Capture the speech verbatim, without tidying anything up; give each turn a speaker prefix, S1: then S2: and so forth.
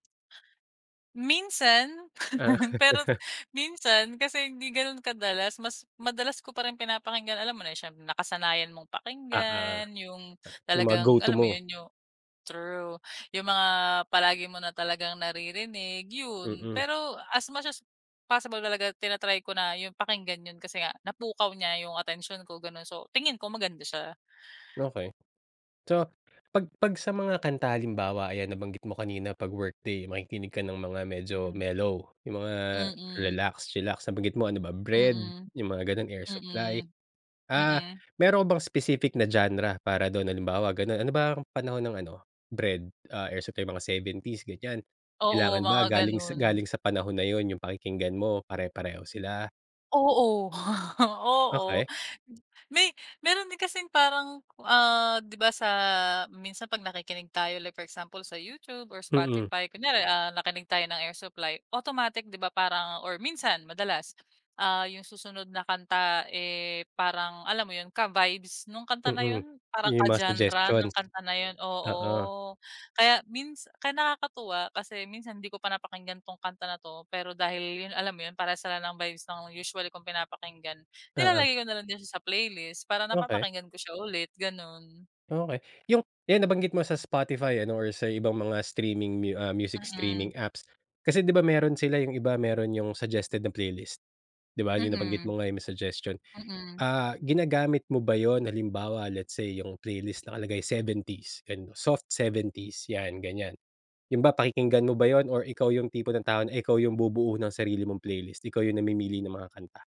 S1: Minsan.
S2: Ah.
S1: Pero minsan kasi hindi gano'n kadalas, mas madalas ko pa rin pinapakinggan, alam mo na eh, siyempre nakasanayan mong
S2: Oo.
S1: pakinggan, yung
S2: Yung mga go
S1: talagang,
S2: to
S1: alam mo
S2: mo.
S1: yun, yung true, yung mga palagi mo na talagang naririnig, yun.
S2: Mm.
S1: Pero, as much as possible talaga, tina-try ko na yung pakinggan yun kasi nga, napukaw niya yung atensyon ko, gano'n. So, tingin ko maganda siya.
S2: Okey. So, 'pag 'pag sa mga kanta halimbawa, ayan, nabanggit mo kanina, 'pag workday makikinig ka ng mga medyo
S1: Hmm.
S2: mellow, yung mga
S1: Mm.
S2: relax, chilax, nabanggit mo, ano ba, Bred,
S1: Mm.
S2: yung mga gano'n, Air Supply.
S1: Mm.
S2: Ah,
S1: Mm.
S2: meron ka bang specific na genre para do'n, halimbawa, gano'n, ano ba ang panahon ng ano, Bred, ah, Air Supply, mga seventies ganiyan,
S1: Oo,
S2: kailangan
S1: mga
S2: ba galing
S1: ganun.
S2: galing sa panahon na yun yung pakikinggan mo, pare-pareho sila?
S1: Oo, oo.
S2: Okey.
S1: May meron din kasing parang, ah, di ba, sa minsan 'pag nakikinig tayo like for example sa YouTube or
S2: Mm.
S1: Spotify, kunyari, ah, nakinig tayo ng Air Supply, automatic di ba, parang or minsan madalas, ah, yung susunod na kanta, eh parang, alam mo yun, ka-vibes nung kanta na
S2: Mm,
S1: yun, parang
S2: yung mga
S1: ka-genre ng
S2: suggestions.
S1: kanta na yun,
S2: Oo.
S1: oo. Kaya mins kaya nakakatuwa kasi minsan hindi ko pa napakinggan 'tong kanta na 'to, pero dahil yun, alam mo yun, parehas sila ng vibes ng usually kong pinapakinggan,
S2: Oo.
S1: nilalagay ko nalang din siya sa playlist para
S2: Okey.
S1: napapakinggan ko siya ulit, gano'n.
S2: Okey, yung eh nabanggit mo sa Spotify, ano, or sa ibang mga streaming mu ah, music
S1: Mm.
S2: streaming apps. Kasi, di ba, meron sila yung iba meron yung suggested na playlist, di ba, yung nabanggit
S1: Mm.
S2: mo nga may suggestion.
S1: Mm.
S2: Ah, ginagamit mo ba yun, halimbawa, let's say yung playlist nakalagay seventies ganun, soft seventies yan, ganiyan. Yun ba, pakikinggan mo ba yun or ikaw yung tipo ng tao na ikaw yung bubuo ng sarili mong playlist, ikaw yung namimili ng mga kanta?